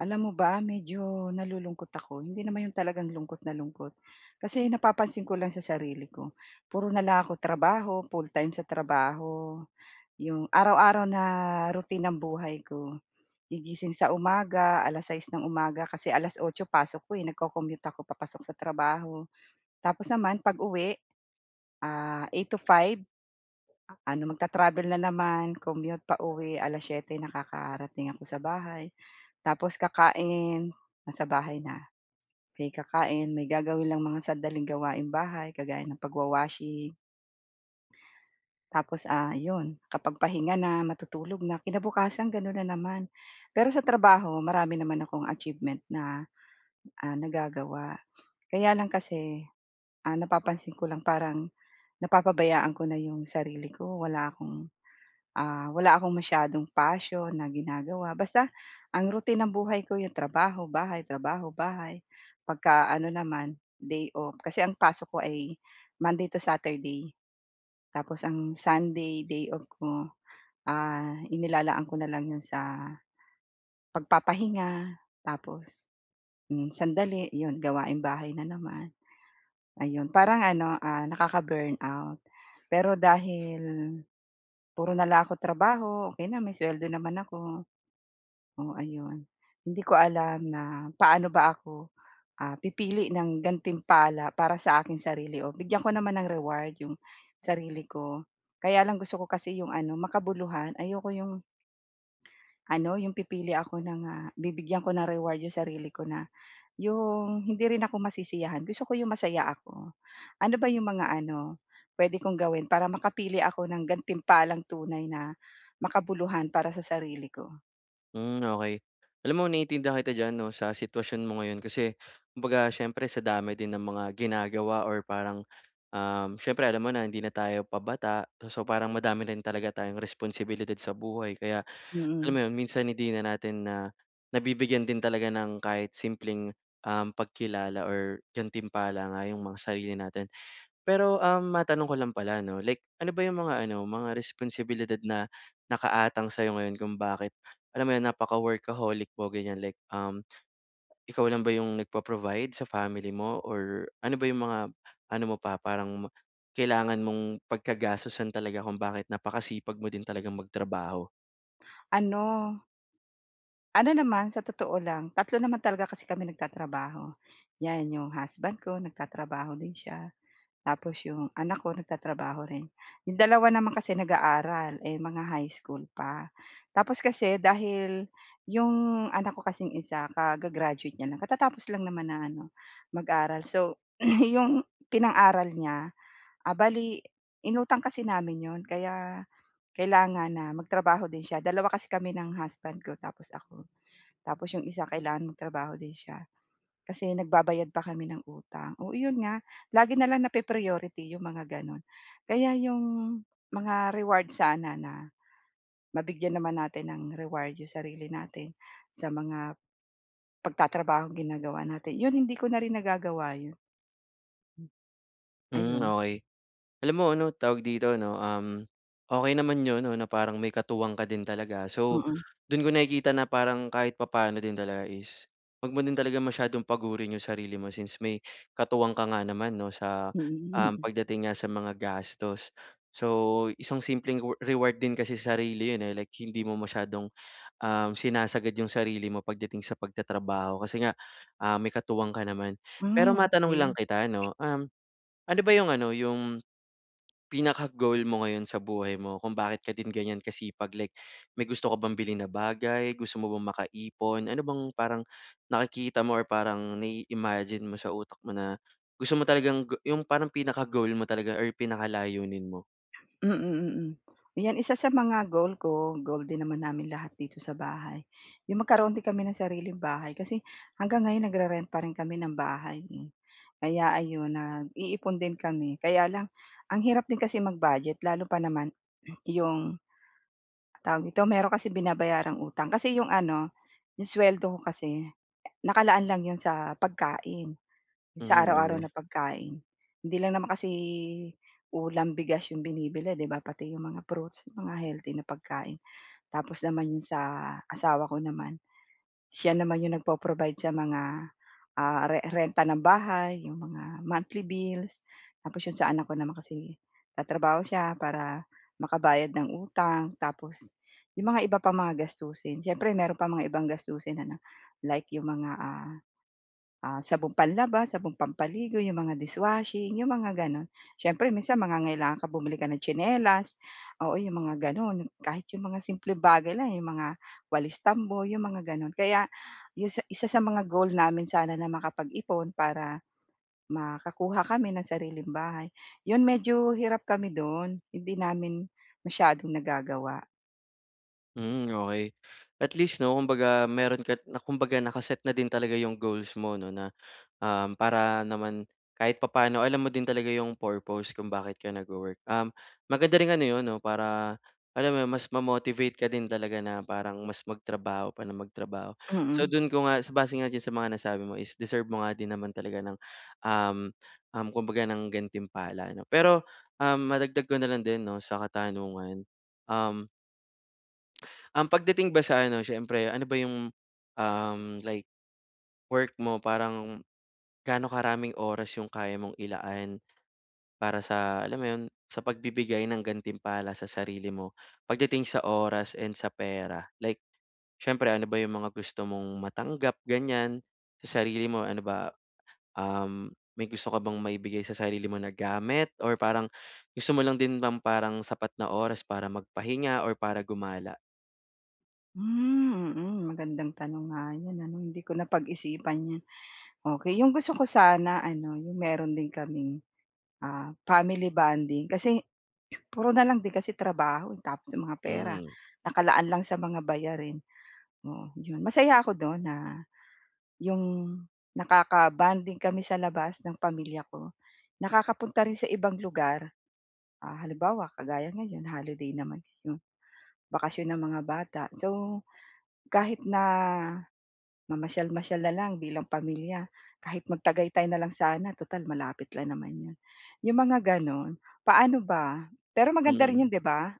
Alam mo ba, medyo nalulungkot ako, hindi naman 'yon talagang lungkot na lungkot. Kasi napapansin ko lang sa sarili ko puro nalang ako trabaho, full-time sa trabaho. Yung araw-araw na routine ng buhay ko, gigising sa umaga 6:00 ng umaga, kasi 8:00 pasok ko eh, nagco-commute ako papasok sa trabaho. Tapos naman 'pag-uwi, ah, 8:00 to 5:00, ano magtra-travel na naman, commute pauwi, 7:00 nakakarating ako sa bahay, tapos kakain nasa bahay na. Eh, kakain may gagawin lang mga sandaling gawaing bahay kagaya ng pagwa-washing. Tapos, ah, 'yon, kapag pahinga na matutulog na, kinabukasan gano'n na naman. Pero sa trabaho marami naman akong achievement na, ah, nagagawa. Kaya lang kasi, ah, napapansin ko lang parang napapabayaan ko na yung sarili ko, wala akong, ah, wala akong masyadong passion na ginagawa, basta ang routine ng buhay ko yung trabaho, bahay, trabaho, bahay. Pagka ano naman, day off, kasi ang pasok ko ay Monday to Saturday, tapos ang Sunday day off ko, ah, inilalaan ko nalang 'yon sa pagpapahinga, tapos, hmm, sandali, 'yon, gawaing bahay na naman, ayun. Parang ano, ah, nakaka-burnout. Pero dahil puro nalang ako trabaho, okey na, may suweldo naman ako, oh, ayon, hindi ko alam na paano ba ako, ah, pipili ng gantimpala para sa aking sarili, oh, bigyan ko naman ng reward yung sarili ko. Kaya lang gusto ko kasi yung ano, makabuluhan. Ayoko yung ano, yung pipili ako ng, ah, bibigyan ko ng reward yung sarili ko na yung hindi rin ako masisiyahan. Gusto ko yung masaya ako. Ano ba yung mga ano, puwede kong gawin para makapili ako ng gantimpalang tunay na makabuluhan para sa sarili ko? Hmm, okey. Alam mo naiintindihan kita dyan 'no, sa sitwasyon mo ngayon. Kasi kumbaga syempre sa dami din ng mga ginagawa or parang, um, syempre alam mo na hindi na tayo pabata, so, parang madami rin talaga tayong responsibilidad sa buhay kaya, alam Mm. mo 'yon, minsan hindi na natin na nabibigyan din talaga ng kahit simpleng, uhm, pagkilala or gantimpala nga yung mga sarili natin. Pero, um, matanong ko lang pala 'no, like ano ba yung mga ano, mga responsibilidad na nakaatang sa'yo ngayon kung bakit, alam mo yun, napaka-workaholic mo, ganiyan, like, um, ikaw lang ba yung nagpo-provide sa family mo or ano ba yung mga ano mo pa parang ma kailangan mong pagkagastosan talaga kung bakit napakasipag mo din talagang magtrabaho? Ano Ano naman, sa totoo lang, 3 naman talaga kasi kami nagtatrabaho. 'Yan yung husband ko nagtatrabaho din sya. Tapos yung anak ko nagtatrabaho rin. Yung 2 naman kasi nag-aaral, eh mga high school pa. Tapos kasi dahil yung anak ko kasing isa kaga-graduate nya lang, katatapos lang naman na ano, mag-aral. So, yung pinang-aral nya, ah, bale inutang kasi namin 'yon kaya kailangan na magtrabaho din sya, 2 kasi kami ng husband ko tapos ako. Tapos yung isa kailangan magtrabaho din sya kasi nagbabayad pa kami ng utang. Oo, 'yon nga, lagi na lang napa-priority yung mga gano'n. Kaya yung mga reward sana na mabigyan naman natin ng reward yung sarili natin, sa mga pagtatrabahong ginagawa natin, 'yon, hindi ko na rin nagagawa 'yon. Hmm, Ayun. okey. Alam mo ano, tawag dito 'no, um, okey naman 'yon ano, na parang may katuwang ka din talaga. So, Mm. do'n ko nakikita na parang kahit papaano din talaga is 'wag mo din talagang masyadong pagurin yung sarili mo since may katuwang ka nga naman 'no sa, Hmm, um, hmm. pagdating nga sa mga gastos. So, isang simpleng rew reward din kasi sarili 'yon eh, like hindi mo masyadong, um, sinasagad yung sarili mo pagdating sa pagtatrabaho kasi nga, um, may katuwang ka naman. Pero Ah, matanong okey. lang kita no, um, ano ba yung ano, yung pinaka-goal mo ngayon sa buhay mo kung bakit ka din ganiyan kasipag? Like may gusto ka bang bilhin na bagay? Gusto mo bang makaipon? Ano bang parang nakikita mo or parang nai-imagine mo sa utak mo na gusto mo talagang g yung parang pinaka-goal mo talaga or pinakalayunin mo? Mm, mm. 'Yan isa sa mga goal ko goal din naman namin lahat dito sa bahay, yung magkaroon din kami ng sariling bahay. Kasi hanggang ngayon nagre-rent pa rin kami ng bahay eh. Kaya ayun, nag-iipon din kami. Kaya lang ang hirap din kasi mag-budget lalo pa naman yung tawag nito, meron kasi binabayarang utang. Kasi yung ano, yung suweldo ko kasi nakalaan lang 'yon sa pagkain, sa Hmm, araw-araw okey. na pagkain. Hindi lang naman kasi ulam, bigas yung binibili, 'di ba, pati yung mga fruits, mga healthy na pagkain. Tapos naman, yung sa asawa ko naman, sya naman yung nagpo-provide sa mga, ah, re renta ng bahay, yung mga monthly bills. Tapos yung sa anak ko naman kasi nagtatrabaho sya para makabayad ng utang, tapos yung mga iba pang mga gastusin. Syempre meron pang mga ibang gastusin ano, like yung mga, ah, ah, sabong panlaba, sabong pampaligo, yung mga dishwashing, yung mga gano'n. Syempre minsan mangangailangan ka, bumili ka ng tsinelas, oo, yung mga gano'n. Kahit yung mga simpleng bagay lang eh, yung mga walis-tambo, yung mga gano'n. Kaya yung sa isa sa mga goal namin sana na makapag-ipon para makakuha kami ng sariling bahay. 'Yon medyo hirap kami dun, hindi namin masyadong nagagawa. Mm, okey. At least 'no, kumbaga meron ka na kumbaga naka-set na din talaga 'yong goals mo 'no, na, um, para naman kahit papaano alam mo din talaga 'yong purpose kung bakit ka nag-wo-work. Um, maganda ring ano 'yon 'no, para alam mo 'yon, mas ma-motivate ka din talaga na parang mas magtrabaho pa nang magtrabaho. So, Mm. do'n ko nga base nga diyan sa mga nasabi mo is deserve mo nga din naman talaga ng, um, um, kumbaga ng gantimpala, 'no? Pero, um, madagdag ko na lang din 'no, sa katanungan, um Um, pagdating ba sa ano, siyempre ano ba yung, um, like work mo? Parang gaano karaming oras yung kaya mong ilaan para sa alam mo 'yon? Sa pagbibigay ng gantimpala sa sarili mo pagdating sa oras and sa pera? Like, siyempre ano ba yung mga gusto mong matanggap, ganyan? Sa sarili mo ano ba, um, may gusto ka bang maibigay sa sarili mo na gamit or parang gusto mo lang din ng parang sapat na oras para magpahinga or para gumala? Hmm, mm. Magandang tanong nga 'yon ano, hindi ko napag-isipan 'yan, okey. 'Yong gusto ko sana ano, 'yong meron din kaming, ah, family bonding kasi puro na lang din kasi trabaho, eh, tapos mga pera Hmm. nakalaan lang sa mga bayarin. Oo, 'yon. Masaya ako do'n na 'yong nakaka-bonding kami sa labas ng pamilya ko. Nakakapunta rin sa ibang lugar. Ah, halimbawa kagaya ngayon holiday naman 'no, bakasyon ng mga bata. So, kahit na mamasyal-masyal na lang bilang pamilya, kahit mag Tagaytay na lang sana tutal malapit lang naman 'yon. 'Yong mga gano'n, paano ba? Pero maganda rin 'yon, Hmm. 'di ba?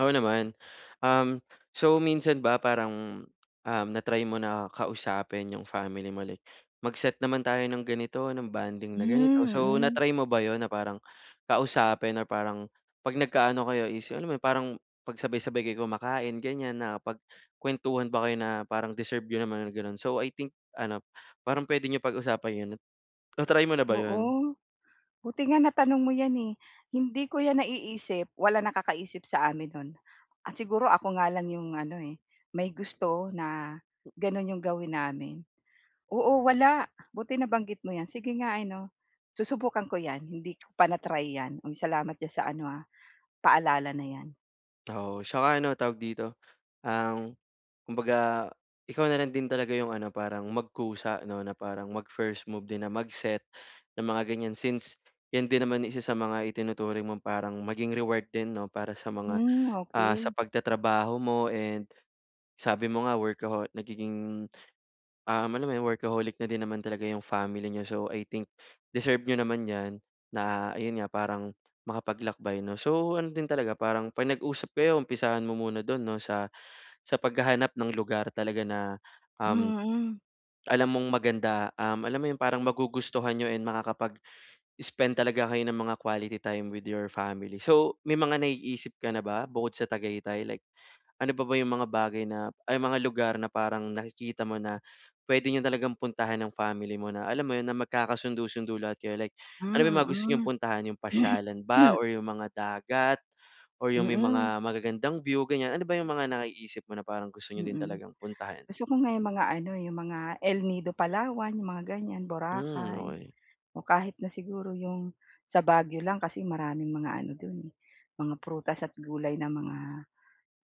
Oo naman. Um, so, minsan ba parang, um, na-try mo na kausapin 'yong family mo like, "Mag-set naman tayo ng ganito, ng bonding na ganito." Hmm, So, mm. na-try mo ba 'yon na parang kausapin or parang 'pag nagka-ano kayo is yung alam mo 'yon, parang 'pag sabay-sabay kayo kumakain, ganyan nakapagkuwentuhan ba kayo na parang deserve niyo naman, gano'n? So, I think ano, parang puwede niyo pag-usapan 'yon. Na-try mo na ba 'yon? Oo, buti nga natanong mo 'yan, eh. Hindi ko 'yan naiisip, wala nakakaisip sa amin no'n. Ah, siguro ako nga lang 'yong ano, eh, may gusto na gano'n 'yong gawin namin. Oo wala, buti nabanggit mo 'yan, sige nga ano, susubukan ko 'yan. Hindi ko pa na-try 'yan. Hmm, salamat do'n sa ano, ah, paalala na 'yan. Oo, tsaka ano tawag dito, um, kumbaga ikaw na lang din talaga 'yong ano parang magkusa 'no, na parang mag-first move din na mag-set ng mga gan'yan, since 'yan din naman isa sa mga itinuturing mong parang maging reward din 'no para sa mga, Hmm, ah, sa okey. pagtatrabaho mo and sabi mo nga workaho nagiging, um, alam mo 'yong workaholic na din naman talaga 'yong family niyo. So, I think deserve niyo naman 'yan na ayun nga parang makapaglakbay 'no, so ano din talaga parang 'pag nag-usap kayo umpisahan mo muna do'n 'no, sa sa paghahanap ng lugar talaga na, um, Mm. alam mong maganda, um, alam mo yung parang magugustuhan niyo and makakapag spend talaga kayo ng mga quality time with your family. So, may mga naiisip ka na ba bukod sa Tagaytay like ano pa ba yung mga bagay na ay mga lugar na parang nakikita mo na puwede niyo talagang puntahan ng family mo na alam mo 'yun na magkakasundo-sundo lahat kayo, like ano ba yung mga gusto niyong Hmm, puntahan, 'yong mm. pasyalan ba or yung mga dagat or yung may Mm. mga magagandang view gan'yan. Ano ba yung mga naiisip mo na parang gusto niyo din Mm, talagang puntahan? gusto ko nga 'yong mga ano 'yong mga El Nido, Palawan, 'yong mga ganyan, Hmm, Boracay okey. o kahit na siguro 'yong sa Baguio lang kasi maraming mga ano do'n, eh, mga prutas at gulay na mga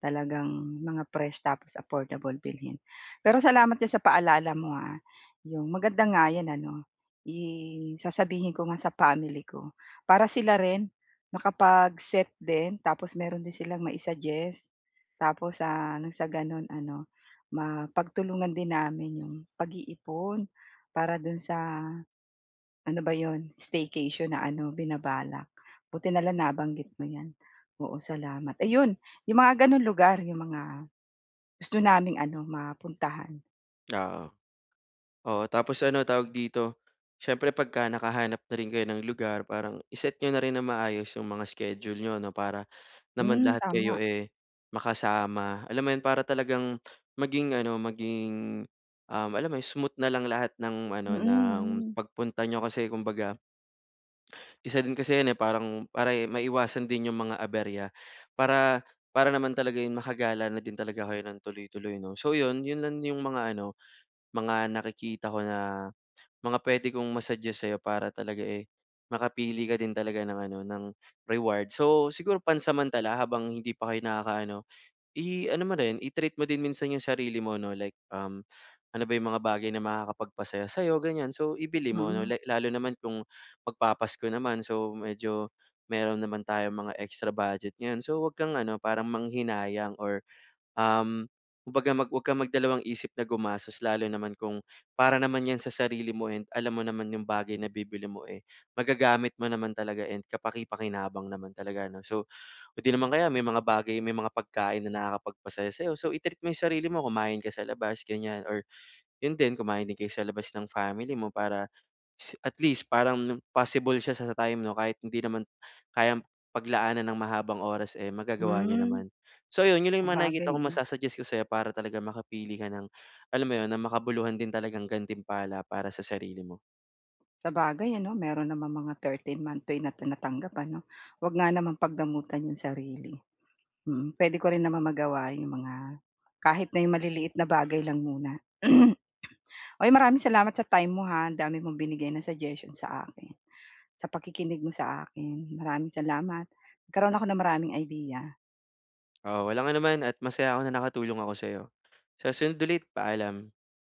talagang mga fresh tapos affordable bilhin. Pero salamat diyan sa paalala mo ha, 'yong maganda nga 'yan ano, i sasabihin ko nga sa family ko para sila rin makapag-set din tapos meron din silang ma-i-suggest tapos sa ano gano'n ano mapagtulungan din namin 'yong pag-iipon, para do'n sa ano ba 'yon staycation na ano binabalak buti na lang nabanggit mo 'yan, oo salamat. Ayun 'yong mga gano'n lugar 'yong mga gusto naming ano mapuntahan. Oo. Oo, tapos ano tawag dito? Siyempre pagka nakahanap na rin kayo ng lugar parang i-set niyo na rin ng maayos 'yong mga schedule niyo ano, para naman Hmm, lahat tama. kayo, eh, makasama. Alam mo yun, para talagang maging ano, maging, um, alam mo yun, smooth na lang lahat ng Mm. ano, ng Mm. pagpunta niyo kasi kumbaga isa din kasi yun, eh. Parang para, eh, maiwasan din 'yong mga aberya para para naman talaga 'yon makagala na din talaga kayo ng tuloy-tuloy 'no. So, 'yon, 'yon lang 'yong mga ano, mga nakikita ko na mga puwede kong ma-suggest sa'yo para talaga, eh, makapili ka din talaga ng ano, ng reward. So, siguro pansamantala, habang hindi pa kayo nakakaano, i-ano mo rin, i-treat mo din minsan 'yong sarili mo 'no, like, um, ano ba yung mga bagay na makakapagpasaya sa'yo, ganyan. So, ibili mo 'no, Mm. like lalo naman kung magpaPasko naman. So, medyo meron naman tayong mga extra budget ngayon so, 'wag kang ano, parang manghinayang or, um, kumbaga mag huwag kang mag dalawang isip na gumasos lalo naman kung para naman 'yan sa sarili mo and alam mo naman yung bagay na bibilhin mo, eh, magagamit mo naman talaga and kapaki-pakinabang naman talaga ano. So, o di naman kaya may mga bagay, may mga pagkain na nakakapagpasaya sa'yo so, i-treat mo 'yong sarili mo, kumain ka sa labas, ganyan or 'yon din, kumain din kayo sa labas ng family mo para is at least parang possible siya sa sa time 'no, kahit hindi naman kayang paglaanan ng mahabang oras, eh, magagawa niyo Hmm, naman. So, 'yon, 'yon lang mga nakikita sabagay kong 'no? masu-suggest ko sa'yo para talagang makapili ka ng alam mo 'yon, ng makabuluhan din talagang gantimpala para sa sarili mo. Sabagay ano, meron namang mga thirteen month pay na tinatanggap ano? 'Wag nga namang pagdamutan 'yong sarili, mm. Puwede ko rin namang magawa 'yong mga kahit na 'yong maliliit na bagay lang muna. Uy, maraming salamat sa time mo ha, ang dami mong binigay ng suggestion sa akin, sa pakikinig mo sa akin. Maraming salamat nagkaroon ako ng maraming idea. Oo, walang anuman at masaya ako na nakatulong ako sa'yo. Sa susunod ulit, paalam.